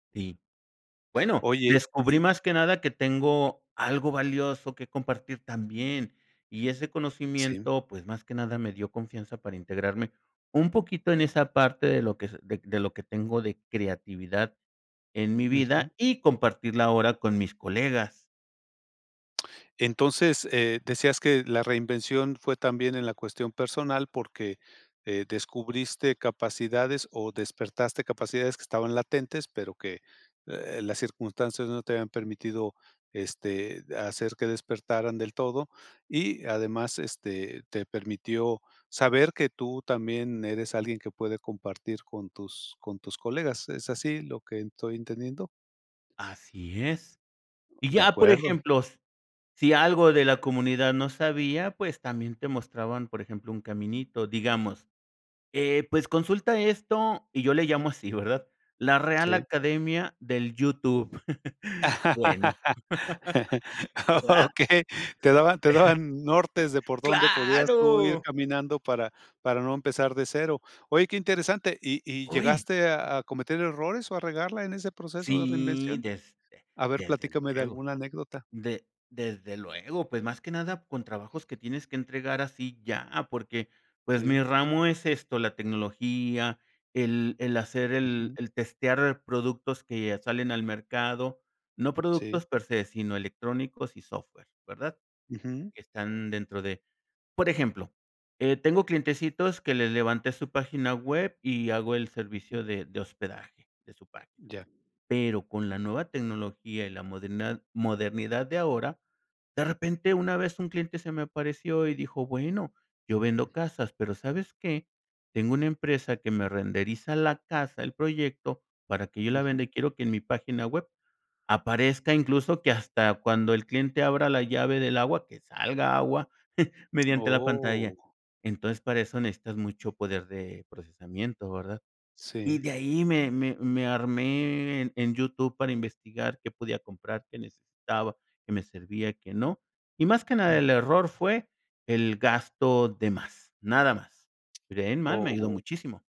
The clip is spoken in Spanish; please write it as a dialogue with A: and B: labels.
A: Y bueno,
B: Oye,
A: descubrí
B: y
A: más que nada que tengo algo valioso que compartir también. Y ese
B: Sí.
A: conocimiento, pues más que nada me dio confianza para integrarme un poquito en esa parte de lo que s de de lo que tengo de creatividad en mi
B: Ujú.
A: vida y compartirla ahora con mis colegas.
B: Entonces, eh, decías que la reinvención fue también en la cuestión personal, porque, eh, descubriste capacidades o despertaste capacidades que estaban latentes, pero que, eh, las circunstancias no te habían permitido, este, hacer que despertaran del todo, y además, este, te permitió saber que tú también eres alguien que puede compartir con tus con tus colegas. ¿Es así lo que en estoy entendiendo?
A: Así es. Y
B: De
A: ya, por
B: acuerdo.
A: ejemplos, si algo de la comunidad no sabía, pues también te mostraban. Por ejemplo, un caminito, digamos. Eh, pues consulta esto y yo le llamo así, ¿verdad? La Real
B: Sí.
A: Academia del YouTube. Bueno, ¿verdad?
B: Okey. Te daban te daban nortes de por dónde podías tú ir
A: ¡Claro!
B: caminando para para no empezar de cero. Oye, qué interesante. ¿Y y
A: ¡Hoy!
B: llegaste
A: Eh
B: a a cometer errores o a regarla en ese proceso de
A: Si,
B: reinvención?
A: desde
B: A ver,
A: desde
B: platícame de
A: luego,
B: alguna anécdota.
A: de desde luego. Pues más que nada con trabajos que tienes que entregar así ya, porque, pues mi
B: Sí.
A: ramo es esto, la tecnología, el el hacer el
B: Ujú.
A: el testear productos que salen al mercado, no
B: Sí.
A: productos per se, sino electrónicos y software, ¿verdad?,
B: Ujú.
A: que están dentro de Por ejemplo, eh, tengo clientecitos que les levanté su página web y hago el
B: Ujú.
A: servicio de de hospedaje de su página,
B: Ya.
A: pero con la nueva tecnología y en la modernad modernidad de ahora, de repente una vez un cliente se me apareció y dijo, "Bueno, yo
B: Mm.
A: vendo casas pero, ¿sabes qué? Tengo una empresa que me renderiza la casa, el proyecto, para que yo la venda
B: Ujú.
A: y quiero que en mi página web aparezca incluso que hasta cuando el cliente abra la llave del agua, que salga agua mediante la pantalla".
B: Oh.
A: Entonces, para eso necesitas mucho poder de procesamiento, ¿verdad? Y
B: Sí.
A: de ahí me me me armé en en YouTube para investigar qué podía comprar, qué necesitaba, qué me servía, qué no, y más que nada el
B: Ujú.
A: error fue el gasto de más, nada más. Pero de ahí en más me ayudó
B: Oh.
A: muchísimo.